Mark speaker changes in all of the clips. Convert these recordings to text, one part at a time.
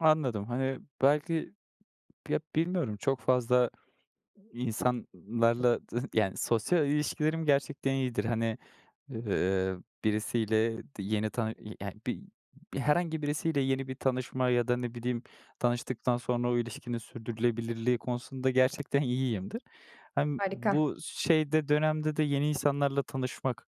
Speaker 1: Anladım, hani, belki ya bilmiyorum çok fazla insanlarla d yani sosyal ilişkilerim gerçekten iyidir. Hani, eee, birisiyle d yeni tanı eee, ya bi bir herhangi birisiyle yeni bir tanışma ya da ne bileyim tanıştıktan sonra o ilişkinin sürdürülebilirliği konusunda gerçekten iyiyimdir. Hem
Speaker 2: Harika.
Speaker 1: bu s şeyde dönemde de yeni insanlarla tanışmak,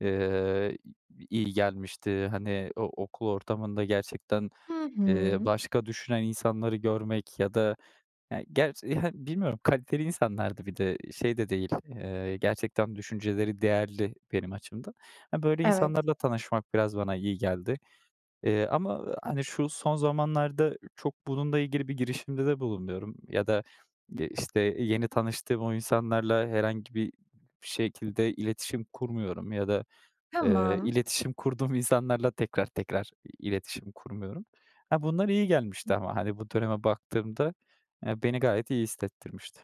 Speaker 1: eee, i i iyi gelmişti. Hani, o okul ortamında gerçekten,
Speaker 2: Hı
Speaker 1: eee,
Speaker 2: hı.
Speaker 1: başka düşünen insanları görmek ya da e gerç hani, bilmiyorum kaliteli insanlardı bir de şey de değil, eee, gerçekten düşünceleri değerli benim açımdan. E böyle
Speaker 2: Evet.
Speaker 1: insanlarla tanışmak biraz bana iyi geldi, eee, ama, hani, şu son zamanlarda çok bununla ilgili bir girişimde de bulunmuyorum ya da, eee, işte, yeni tanıştığım o insanlarla herhangi bir şekilde iletişim kurmuyorum ya da, eee,
Speaker 2: Tamam.
Speaker 1: iletişim kurduğum insanlarla tekrar tekrar iletişim kurmuyorum. Ha, bunlar iyi gelmişti ama hani, bu döneme baktığımda, eee, beni gayet iyi hissettirmişti.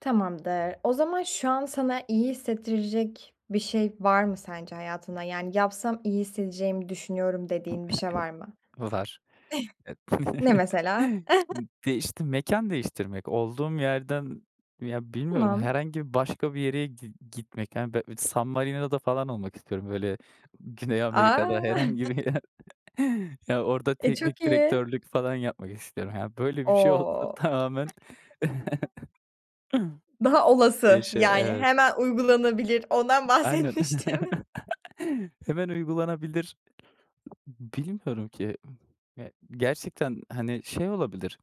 Speaker 2: Tamamdır. O zaman şu an sana iyi hissettirecek bir şey var mı sence hayatında? Yani yapsam iyi hissedeceğimi düşünüyorum dediğin bir şey var mı?
Speaker 1: Var. E
Speaker 2: Ne mesela?
Speaker 1: değişti mekân değiştirmek, olduğum yerden ya bilmiyorum
Speaker 2: Tamam.
Speaker 1: herhangi bir başka bir yere gi gitmek yani be bi San Marina'da falan olmak istiyorum böyle Güney Amerika'da
Speaker 2: A!
Speaker 1: herhangi bir yer. Ya orada
Speaker 2: E çok
Speaker 1: teknik
Speaker 2: iyi.
Speaker 1: direktörlük falan yapmak istiyorum. Ya böyle bir
Speaker 2: O.
Speaker 1: şey olsa tamamen.
Speaker 2: Daha olası,
Speaker 1: Değişiyor,
Speaker 2: yani
Speaker 1: evet.
Speaker 2: hemen uygulanabilir. Ondan
Speaker 1: Aynen.
Speaker 2: bahsetmiştim.
Speaker 1: Hemen uygulanabilir. Bilmiyorum ki. Ya gerçekten, hani, şey olabilir.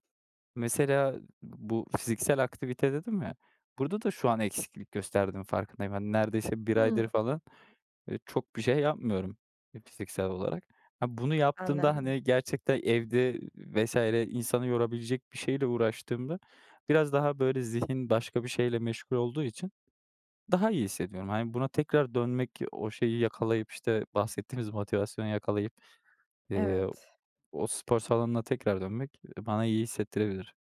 Speaker 1: Mesela bu fiziksel aktivite dedim ya burada da şu an eksiklik gösterdiğim farkındayım. Hani, neredeyse 1 aydır
Speaker 2: Hımm.
Speaker 1: falan, ııı, çok bir şey yapmıyorum, eee, fiziksel olarak. Ha bunu yaptığımda,
Speaker 2: Anladım.
Speaker 1: hani, gerçekten evde vs. insanı yorabilecek bir şeyle uğraştığımda biraz daha böyle zihin başka bir şeyle meşgul olduğu için daha iyi hissediyorum. Hani, buna tekrar dönmek o şeyi yakalayıp işte bahsettiğimiz motivasyonu yakalayıp, eee,
Speaker 2: Evet.
Speaker 1: o spor salonuna tekrar dönmek, eee, bana iyi hissettirebilir.